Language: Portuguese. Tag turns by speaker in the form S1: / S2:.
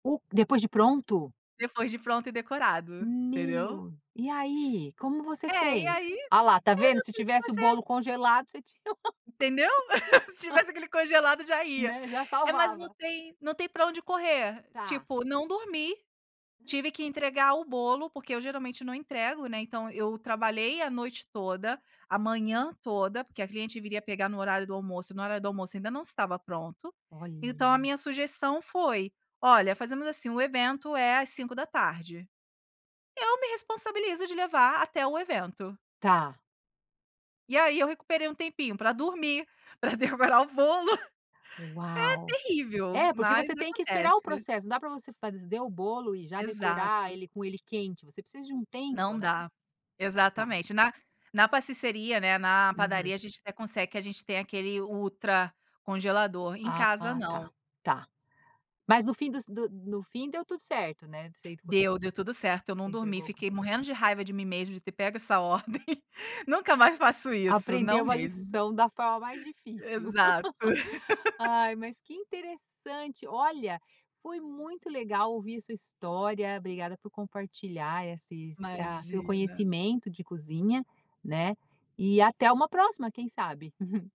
S1: U depois de pronto?
S2: Depois de pronto e decorado, entendeu?
S1: Meu, e aí, como você
S2: É e
S1: fez?
S2: aí, é, não
S1: Ah lá, tá vendo. Se
S2: tem o que
S1: tivesse o
S2: fazer.
S1: bolo congelado você tinha.
S2: Entendeu? Se tivesse aquele congelado já ia.
S1: Né, já
S2: É, mas não
S1: salvava.
S2: tem não tem pra onde correr,
S1: Tá.
S2: tipo não dormi, tive que entregar o bolo, porque eu geralmente não entrego, né, então eu trabalhei a noite toda, a manhã toda, porque a cliente viria pegar no horário do almoço e no horário do almoço ainda não estava pronto, então a
S1: Olha.
S2: minha sugestão foi: "Olha fazemos assim o evento é às 17h. Eu me responsabilizo de levar até o evento.
S1: Tá.
S2: E aí, eu recuperei um tempinho pra dormir, pra decorar o bolo. É
S1: Uau.
S2: terrível,
S1: É, porque
S2: mas
S1: você tem que esperar o
S2: acontece.
S1: processo, não dá pra você fazer o bolo e já decorar
S2: Exato.
S1: ele com ele quente, você precisa de um tempo,
S2: Não
S1: né.
S2: dá,
S1: Tá.
S2: exatamente na na pasticceria, né, na
S1: Uhum.
S2: padaria a gente até consegue a gente tem aquele ultra congelador, em
S1: Ah
S2: casa não.
S1: tá, tá. Mas no fim dos do no fim deu tudo certo, né. Você entregou?
S2: Deu, deu tudo certo eu não
S1: Você
S2: dormi,
S1: entregou?
S2: fiquei morrendo de raiva de mim mesma de ter pego essa ordem, nunca mais faço isso, não
S1: Aprendeu a
S2: mesmo.
S1: lição da forma mais difícil.
S2: Exato.
S1: Ai mas que interessante, olha, foi muito legal ouvir a sua história, obrigada por compartilhar esses, ah, seu
S2: Imagina.
S1: conhecimento de cozinha, né. E até uma próxima quem sabe.